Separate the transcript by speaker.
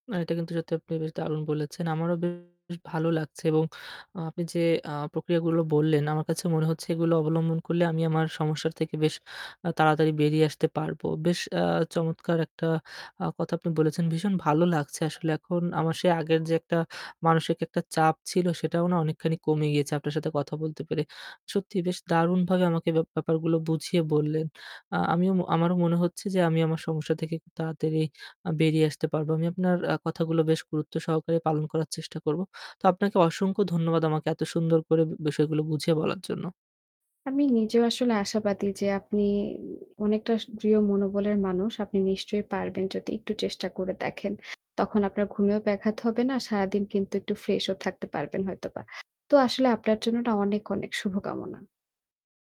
Speaker 1: না এটা কিন্তু সত্যি আপনি বেশ দারুণ বলেছেন। আমারও বে শ ভালো লাগছে এবং আপনি যে আ প্রক্রিয়াগুলো বললেন আমার কাছে মনে হচ্ছে এগুলো অবলম্বন করলে আমি আমার সমস্যার থেকে বেশ আ তাড়াতাড়ি বেরিয়ে আসতে পারবো। বেশ আ চমৎকার একটা আ কথা আপনি বলেছেন। ভীষণ ভালো লাগছে আসলে এখন আমার সে আগের যে একটা মানসিক একটা চাপ ছিল সেটাও না অনেকখানি কমে গিয়েছে আপনার সাথে কথা বলতে পেরে। সত্যি বেশ দারুণভাবে আমাকে ব্যা ব্যাপারগুলো বুঝিয়ে বললেন। আ আমিও, আমারও মনে হচ্ছে যে আমি আমার সমস্যা থেকে খুব তাড়াতাড়ি আ বেরিয়ে আসতে পারবো। আপনার আ কথাগুলো বেশ গুরুত্ব সহকারে পালন করার চেষ্টা করবো। তো আপনাকে অসংখ্য ধন্যবাদ আমাকে এত সুন্দর করে বিষয়গুলো বুঝিয়ে বলার জন্য।
Speaker 2: আমি নিজেও আসলে আশাবাদী যে আপনি অনেকটা দৃঢ় মনোবলের মানুষ। আপনি নিশ্চয়ই পারবেন যদি একটু চেষ্টা করে দেখেন। তখন আপনার ঘুমেও ব্যাঘাত হবে না। আর সারাদিন কিন্তু একটু freshও থাকতে পারবেন হয়তোবা। তো আসলে আপনার জন্য এটা অনেক, অনেক, শুভকামনা।